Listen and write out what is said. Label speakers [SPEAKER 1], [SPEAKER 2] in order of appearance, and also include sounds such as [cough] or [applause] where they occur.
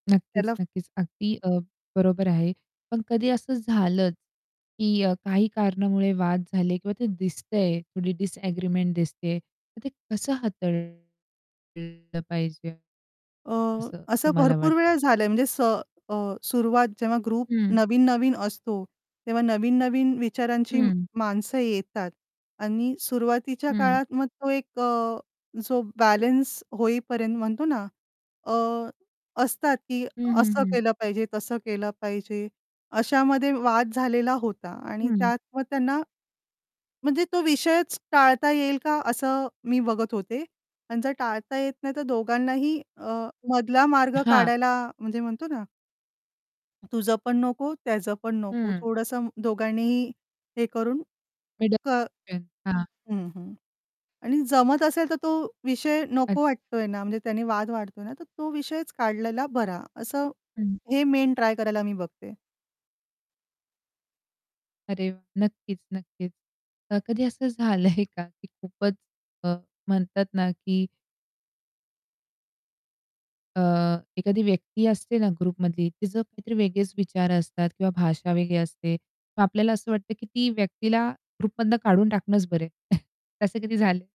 [SPEAKER 1] नक्कीच,
[SPEAKER 2] त्याला
[SPEAKER 1] नक्कीच. अगदी अ, बरोबर आहे. पण कधी असं झालंच की अ, काही कारणामुळे वाद झाले किंवा ते दिसतय थोडी डिसएग्रीमेंट दिसतेय. तर ते कसं हाताळतलं पाहिजे?
[SPEAKER 2] अ,
[SPEAKER 1] असं
[SPEAKER 2] असं
[SPEAKER 1] तुम्हाला
[SPEAKER 2] भरपूर
[SPEAKER 1] वाट
[SPEAKER 2] वेळा झालं म्हणजे स अ, सुरवात जेव्हा ग्रुप
[SPEAKER 1] हं.
[SPEAKER 2] नवीन-नवीन असतो. तेव्हा नवीन-नवीन विचारांची
[SPEAKER 1] हं.
[SPEAKER 2] माणसं येतात आणि सुरुवातीच्या
[SPEAKER 1] हं.
[SPEAKER 2] काळात मग तो एक अ, जो बॅलन्स होईपर्यंत म्हणतो ना अ, असतात, की
[SPEAKER 1] हं, हं,
[SPEAKER 2] असं
[SPEAKER 1] हं.
[SPEAKER 2] केलं पाहिजे, तसं केलं पाहिजे अशामध्ये वाद झालेला होता आणि
[SPEAKER 1] हं.
[SPEAKER 2] त्यात मग त्यांना म्हणजे तो विषयच टाळता येईल का? असं मी बघत होते. आणि जर टाळता येत नाही तर दोघांनाही अ, मधला मार्ग
[SPEAKER 1] हां.
[SPEAKER 2] काढायला म्हणजे म्हणतो ना तुझं पण नको, त्याचं पण नको,
[SPEAKER 1] हं.
[SPEAKER 2] थोडंसं दोघांनीही हे करून कर
[SPEAKER 1] मिडलमेन. हां.
[SPEAKER 2] हं, हं आणि जमत असेल तर तो विषय
[SPEAKER 1] अ
[SPEAKER 2] नको वाटतोय ना, म्हणजे त्याने वाद वाढतोय ना, तर तो विषयच काढलेला बरा, असं
[SPEAKER 1] हं.
[SPEAKER 2] हे मेन ट्राय करायला मी बघते.
[SPEAKER 1] अरे वाह! नक्कीच, नक्कीच. कधी असं झालंय का की खूपच अ, म्हणतात ना की अ, एखादी व्यक्ती असते ना ग्रुपमधली ती जर काहीतरी वेगळेच विचार असतात किंवा भाषा वेगळी असते. मग आपल्याला असं वाटतं की ती व्यक्तीला ग्रुपमधनं काढून टाकणंच बरं [chuckles] तसे कधी झाले?